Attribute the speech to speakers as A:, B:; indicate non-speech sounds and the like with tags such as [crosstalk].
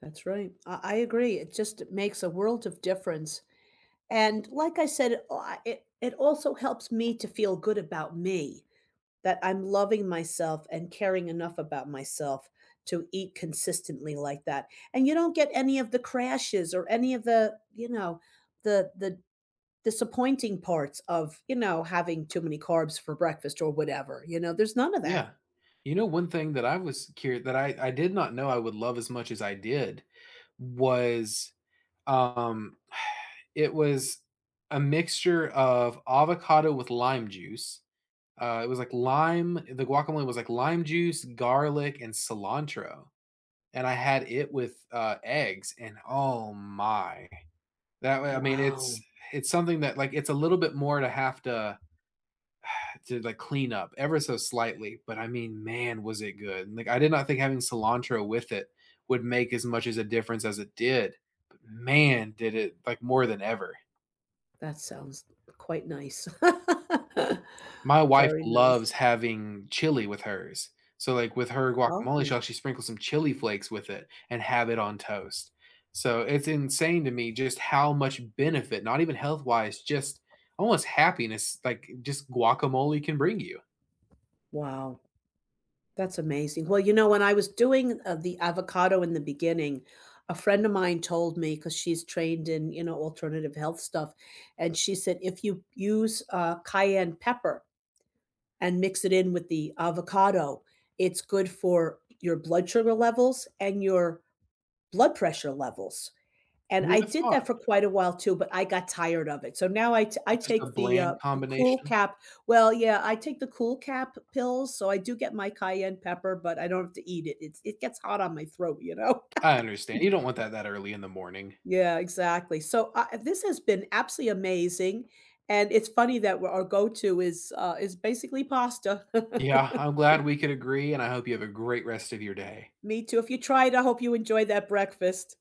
A: That's right. I I agree. It just makes a world of difference, and like I said, I it it also helps me to feel good about me, that I'm loving myself and caring enough about myself to eat consistently like that and you don't get any of the crashes or any of the you know, the the disappointing parts of, you know, having too many carbs for breakfast or whatever, you know? There's none of that.
B: Yeah. You know one thing that I was cur that I I did not know I would love as much as I did, was, um, [sighs] it was a mixture of avocado with lime juice. Uh, it was like lime The guacamole was like lime juice, garlic, and cilantro and I had it with, uh, eggs and oh my. That wa I mean, it's
A: Wow.
B: it's something that like, it's a little bit more to have to [sighs] to the clean up ever so slightly, but I mean, man, was it good and like I did not think having cilantro with it would make as much as a difference as it did, but man, did it like more than ever.
A: That sounds quite nice.
B: My
A: [laughs]
B: wife
A: Very
B: loves
A: nice.
B: having chili with hers. So, like, with her
A: Oh.
B: guacamole, she'll actually sprinkle some chili flakes with it and have it on toast. So it's insane to me just how much benefit, not even health-wise, just almost happiness, like just guacamole can bring you.
A: Wow. That's amazing. Well, you know, when I was doing, uh, the avocado in the beginning, a friend of mine told me- 'cause she's trained in, you know, alternative health stuff- and she said if you use, uh, cayenne pepper and mix it in with the avocado, it's good for your blood sugar levels and your blood pressure levels, and
B: Who
A: I
B: would've
A: did that
B: thought?
A: for quite a while, too, but I got tired of it. So now I ta I
B: Just a
A: take the, uh,
B: bland
A: the
B: combination.
A: CoolCap well, yeah, I take the CoolCap pills, so I do get my cayenne pepper, but I don't have to eat it. It's it gets hot on my throat, you know?
B: I understan
A: [laughs]
B: you don't want that that early in the morning.
A: Yeah, exactly. So, uh this has been absolutely amazing and it's funny that we our go-to is, uh is basically pasta.
B: Yeah. I'm glad
A: [chuckles]
B: we could agree, and I hope you have a great rest of your day.
A: Me, too. If you try it, I hope you enjoyed that breakfast.